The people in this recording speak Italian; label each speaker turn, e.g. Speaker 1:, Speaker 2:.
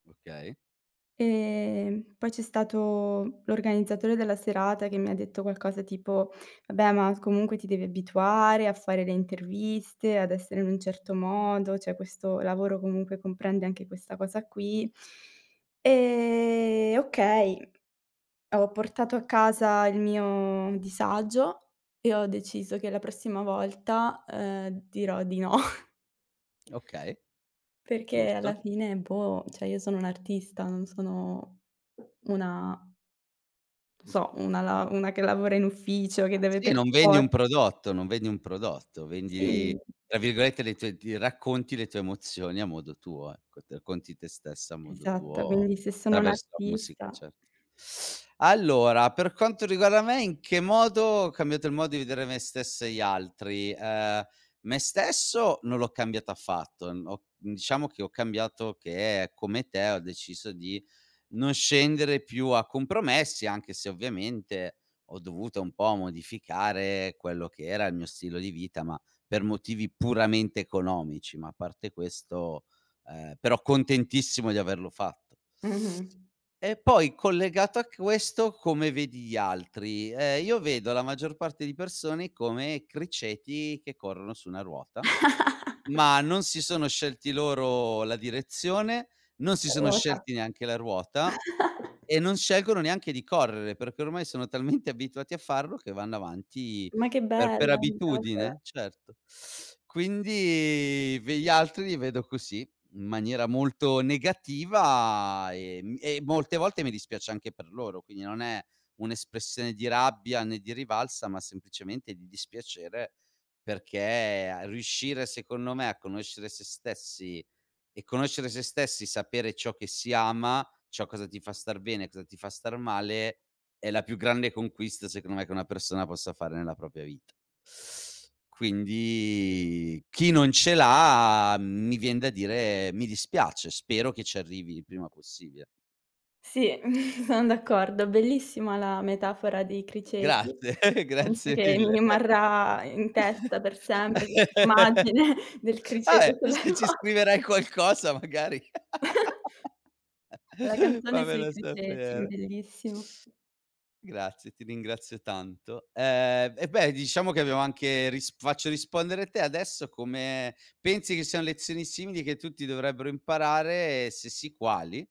Speaker 1: Okay.
Speaker 2: Ehm, poi c'è stato l'organizzatore della serata che mi ha detto qualcosa tipo: "Vabbè, ma comunque ti devi abituare a fare le interviste, ad essere in un certo modo, cioè questo lavoro comunque comprende anche questa cosa qui". Ehm, okay, ho portato a casa il mio disagio e ho deciso che la prossima volta, ehm, dirò di no.
Speaker 1: Okay,
Speaker 2: Perché alla
Speaker 1: giusto.
Speaker 2: fine, boh, cioè io sono un'artista, non sono una non so, una lav una che lavora in ufficio, che deve
Speaker 1: Sì,
Speaker 2: per
Speaker 1: non vendi
Speaker 2: for
Speaker 1: un prodotto, non vedi un prodotto, vendi
Speaker 2: Sì.
Speaker 1: tra virgolette le tue "d" racconti le tue emozioni a modo tuo, ecco, t racconti te stessa a modo
Speaker 2: Esatto,
Speaker 1: tuo
Speaker 2: quindi se sono
Speaker 1: traverso la musica,
Speaker 2: un'artista
Speaker 1: certo. Allora, per quanto riguarda me, in che modo ho cambiato il modo di vedere me stesso e gli altri: ehm, me stesso non l'ho cambiato affatto. Mhmm, ho mhmm, diciamo che ho cambiato che come te ho deciso di non scendere più a compromessi, anche se ovviamente ho dovuto un po' modificare quello che era il mio stilo di vita, ma per motivi puramente economici, ma a parte questo ehm, però contentissimo di averlo fatto.
Speaker 2: Mh-mh.
Speaker 1: E poi collegato a questo, come vedi gli altri: ehm, io vedo la maggior parte di persone come criceti che corrono su una ruota, ma non si sono scelti loro la direzione, non si
Speaker 2: La
Speaker 1: sono
Speaker 2: ruota.
Speaker 1: scelti neanche la ruota e non scelgono neanche di correre, perché ormai sono talmente abituati a farlo che vanno avanti
Speaker 2: Ma che
Speaker 1: per per
Speaker 2: bella metafora.
Speaker 1: abitudine, certo. Quindi v gli altri li vedo così, in maniera molto negativa, ehm, e molte volte mi dispiace anche per loro. Quindi non è un'espressione di rabbia né di rivalsa, ma semplicemente di dispiacere, perché a riuscire secondo me a conoscere se stessi, e conoscere se stessi sapere ciò che si ama, ciò cosa ti fa star bene, cosa ti fa star male, è la più grande conquista, secondo me, che una persona possa fare nella propria vita. Quindi chi non ce l'ha, mhmm, mi vien da dire: "Mi dispiace, spero che ci arrivi il prima possibile".
Speaker 2: Sì, son d'accordo. Bellissima la metafora dei criceti.
Speaker 1: Grazie,
Speaker 2: Penso
Speaker 1: grazie
Speaker 2: che mi
Speaker 1: mille.
Speaker 2: rimarrà in testa per sempre quest' immagine del
Speaker 1: Vabbè,
Speaker 2: criceto sulla
Speaker 1: se ci
Speaker 2: ruota.
Speaker 1: scriverai qualcosa magari,
Speaker 2: La canzone sui
Speaker 1: fammelo
Speaker 2: criceti,
Speaker 1: sapere.
Speaker 2: bellissimo.
Speaker 1: Grazie, ti ringrazio tanto. Ehm, eh beh, diciamo che abbiamo anche risp faccio rispondere te adesso: come pensi che sian lezioni simili che tutti dovrebbero imparare e se sì, quali?